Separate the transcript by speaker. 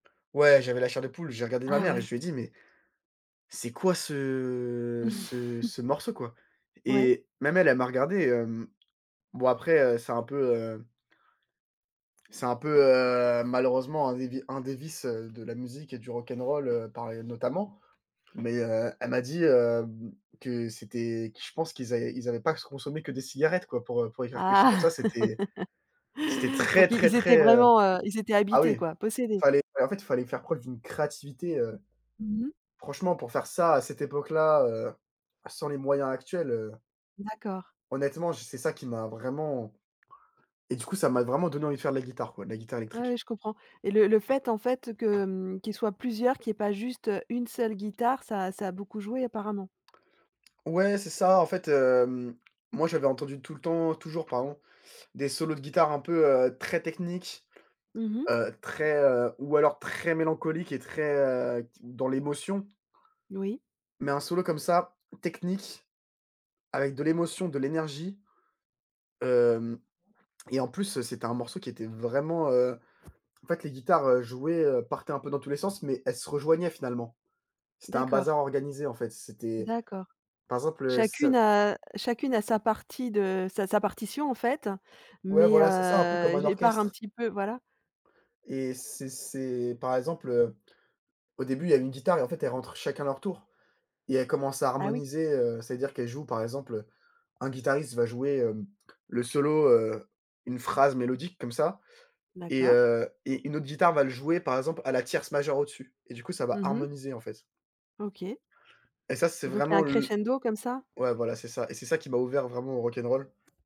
Speaker 1: Ouais, j'avais la chair de poule. J'ai regardé ma
Speaker 2: Ah,
Speaker 1: mère et je
Speaker 2: ouais.
Speaker 1: lui ai dit: «Mais, c'est quoi, ce ce ce morceau quoi?»
Speaker 2: Ouais.
Speaker 1: et même elle, elle m'a regardé, hem. Bon, après, heu, c'est un peu, heu c'est un peu, heu, malheureusement, un des vi un des vices, heu, de la musique et du rock ’n’ roll, heu, pareil notamment mais heu, elle m'a dit, hem, que c'était que je pense qu'ils avaient qu'ils avaient pas qu consommé que des cigarettes, quoi, pour, heu, pour écrire quelque chose comme
Speaker 2: Ah
Speaker 1: ça. C'était c'était
Speaker 2: Pour
Speaker 1: très,
Speaker 2: qu'ils
Speaker 1: très,
Speaker 2: ils étaient
Speaker 1: très heu
Speaker 2: vraiment, heu, ils étaient
Speaker 1: ah, oui,
Speaker 2: habités,
Speaker 1: il
Speaker 2: quoi, possédés.
Speaker 1: fallait, bah, en fait, il fallait faire preuve d'une créativité, heu,
Speaker 2: Mmh mh.
Speaker 1: franchement, pour faire ça, à cette époque-là, heu, sans les moyens actuels, heu
Speaker 2: D'accord.
Speaker 1: honnêtement, je c'est ça qui m'a vraiment et du coup, ça m'a vraiment donné envie de faire de la guitare, quoi, de la guitare
Speaker 2: Ah,
Speaker 1: électrique.
Speaker 2: oui, je comprends et le le fait, en fait, que, mmh, qu'ils soient plusieurs, qu'il y ait pas juste, heu, une seule guitare, ça a ça a beaucoup joué, apparemment?
Speaker 1: Ouais, c'est ça, en fait, hem, moi j'avais entendu tout le temps, toujours, pardon, des solos de guitare un peu, heu, très techniques,
Speaker 2: Mmh mh.
Speaker 1: heu, très, heu ou alors très mélancoliques et très, heu, qui dans l'émotion.
Speaker 2: Oui.
Speaker 1: Mais un solo, comme ça, technique, avec de l'émotion, de l'énergie, hem et en plus, heu, c'était un morceau qui était vraiment, heu, en fait, les guitares, heu, jouaient, heu, partaient un peu dans tous les sens mais elles se rejoignaient, finalement. C'était un
Speaker 2: D'accord.
Speaker 1: bazar organisé, en fait. C'était,
Speaker 2: D'accord.
Speaker 1: par exemple, heu, c
Speaker 2: Chacune a chacune a sa partie de sa sa partition, en fait
Speaker 1: Ouais,
Speaker 2: mais
Speaker 1: voilà, c'est ça, un peu comme
Speaker 2: heu,
Speaker 1: un
Speaker 2: j et part un
Speaker 1: orchestre.
Speaker 2: petit peu voilà.
Speaker 1: Et c'est c'est par exemple, heu, au début, il y a une guitare et en fait, elles rentrent chacun leur tour et elles commencent à
Speaker 2: Ah, oui.
Speaker 1: harmoniser, heu, c'est-à-dire qu'elles jouent par exemple, heu, un guitariste va jouer, hem, le solo, heu, une phrase mélodique comme ça et
Speaker 2: D'accord.
Speaker 1: heu et une autre guitare va le jouer, par exemple, à la tierce majeure au-dessus et du coup, ça va
Speaker 2: Mmh mh.
Speaker 1: harmoniser, en fait.
Speaker 2: OK.
Speaker 1: Et ça, c'est
Speaker 2: Et donc il y a
Speaker 1: vraiment
Speaker 2: un
Speaker 1: l
Speaker 2: crescendo comme ça?
Speaker 1: ouais, voilà, c'est ça et c'est ça qui m'a ouvert vraiment au rock n' roll.